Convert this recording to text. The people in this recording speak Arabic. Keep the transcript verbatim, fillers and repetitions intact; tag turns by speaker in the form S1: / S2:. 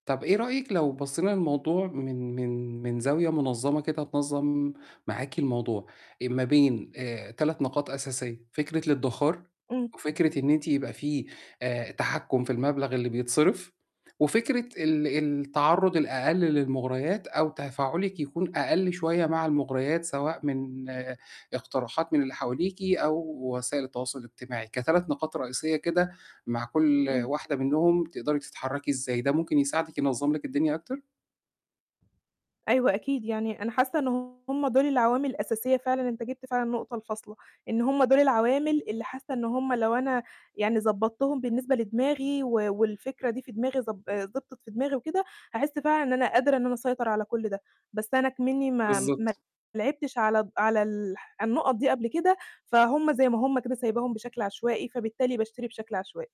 S1: طَب إيه رأيِك لو بصّينا للموضوع من من من زاوية مُنظّمة كده تنظّم معاكِ الموضوع، آآ ما بين آآ تلات نقاط أساسية، فكرة الإدِّخار
S2: إمم.
S1: وفكرة إن أنتِ يبقى في آآ تحكُّم في المبلغ اللي بيتصرف وفكرة ال التعرُّض الأقل للمُغرَيات أو تفاعُلِك يكون أقل شوية مع المُغرَيات سواء من اقتراحات من اللي حواليكِ أو وسائل التواصل الاجتماعي، كتلات نقاط رئيسية كده، مع كل
S2: إمم.
S1: واحدة منّهم بتقدري تتحرّكي إزاي، ده ممكن يساعدِك ينظّم لِك الدنيا أكتر؟
S2: أيوه أكيد، يعني أنا حاسّة إن هم دُول العوامل الأساسية فعلًا، أنت جِبت فعلًا النقطة الفاصلة، إن هم دُول العوامل اللي حاسّة إن هم لو أنا يعني ضبّطتهم بالنسبة لدماغي و والفكرة دي في دماغي، ضب آآ ضبطت في دماغي وكده، هاحس فعلًا إن أنا قادرة إن أنا أسيطر على كل ده. بس أنا إكْمنّي ما ما
S1: بالضبط.
S2: لعبتش على د على ال النقط دي قبل كده، فهُم زي ما هم كده سايباهم بشكل عشوائي، فبالتالي باشتري بشكل عشوائي.